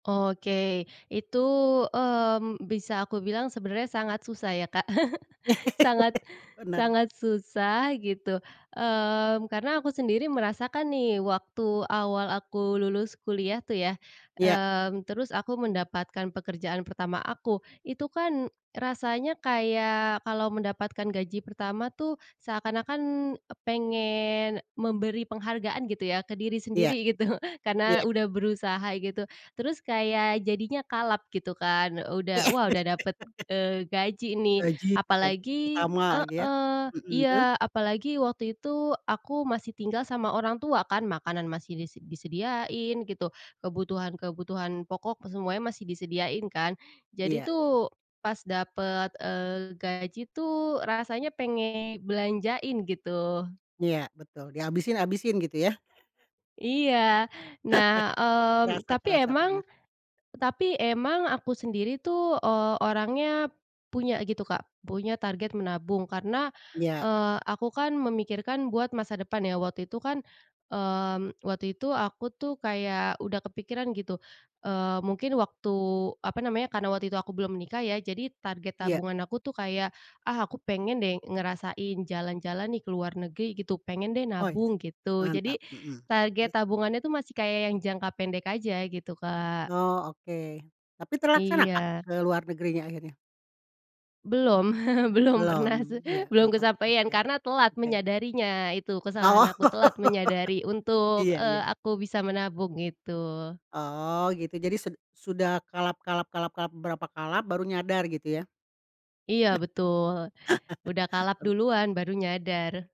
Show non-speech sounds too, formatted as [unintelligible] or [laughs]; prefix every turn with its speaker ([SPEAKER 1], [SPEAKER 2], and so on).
[SPEAKER 1] Oke, itu, mmm, bisa aku bilang sebenarnya sangat susah ya, Kak, [laughs] sangat
[SPEAKER 2] [laughs] Bener.
[SPEAKER 1] sangat susah gitu, eee, karena aku sendiri merasakan nih waktu awal aku lulus kuliah tuh ya,
[SPEAKER 2] Iya.
[SPEAKER 1] eee, terus aku mendapatkan pekerjaan pertama aku itu kan rasanya kayak kalau mendapatkan gaji pertama tuh seakan-akan pengen memberi penghargaan gitu ya ke diri
[SPEAKER 2] Iya.
[SPEAKER 1] sendiri gitu, [chuckles] karena
[SPEAKER 2] Iya.
[SPEAKER 1] udah berusaha gitu. Terus kayak jadinya kalap gitu kan, udah wah udah dapet,
[SPEAKER 2] [laughs]
[SPEAKER 1] eee, gaji nih.
[SPEAKER 2] Gaji bulan
[SPEAKER 1] Apalagi
[SPEAKER 2] pertama [unintelligible] ya,
[SPEAKER 1] heeh,
[SPEAKER 2] mhm, terus?
[SPEAKER 1] iya, apalagi waktu itu aku masih tinggal sama orang tua kan, makanan masih dise disediain gitu, kebutuhan-kebutuhan pokok semuanya masih disediain kan, jadi
[SPEAKER 2] Iya.
[SPEAKER 1] tuh pas dapet, eee, gaji tuh rasanya pengen belanjain gitu.
[SPEAKER 2] Iya, betul. Dihabisin habisin gitu ya.
[SPEAKER 1] Iya,
[SPEAKER 2] [chuckles]
[SPEAKER 1] nah, mmm,
[SPEAKER 2] Kerasa
[SPEAKER 1] tapi
[SPEAKER 2] kerasa,
[SPEAKER 1] emang
[SPEAKER 2] pernah.
[SPEAKER 1] tapi emang aku sendiri tuh, eee, orangnya punya gitu, Kak, punya target menabung karena,
[SPEAKER 2] Iya.
[SPEAKER 1] eee, aku kan memikirkan buat masa depan ya waktu itu kan, mmm, waktu itu aku tuh kayak udah kepikiran gitu, eee, mungkin waktu apa namanya, karena waktu itu aku belum nikah ya jadi target
[SPEAKER 2] Iya.
[SPEAKER 1] tabungan aku tuh kayak, ah, aku pengen deh ngerasain jalan-jalan nih ke luar negeri gitu, pengen deh
[SPEAKER 2] Oh,
[SPEAKER 1] nabung gitu, jadi
[SPEAKER 2] mantap, mhm, terus?
[SPEAKER 1] target tabungannya itu masih kayak yang jangka pendek aja gitu, Kak.
[SPEAKER 2] Oh, oke. Tapi terlaksana, Kak,
[SPEAKER 1] Iya.
[SPEAKER 2] ke luar negerinya akhirnya?
[SPEAKER 1] Belum [laughs] belum pernah,
[SPEAKER 2] Belum
[SPEAKER 1] [laughs]
[SPEAKER 2] iya, belum,
[SPEAKER 1] belum
[SPEAKER 2] oke oke
[SPEAKER 1] kesampaian karena telat
[SPEAKER 2] oke.
[SPEAKER 1] menyadarinya, itu kesalahan
[SPEAKER 2] Oh.
[SPEAKER 1] aku, telat menyadari
[SPEAKER 2] [laughs]
[SPEAKER 1] untuk,
[SPEAKER 2] Iya
[SPEAKER 1] eee,
[SPEAKER 2] iya.
[SPEAKER 1] aku bisa menabung itu.
[SPEAKER 2] Oh, gitu jadi sud sudah kalap kalap kalap kalap beberapa kalap baru nyadar gitu ya?
[SPEAKER 1] Iya betul, udah kalap duluan baru nyadar.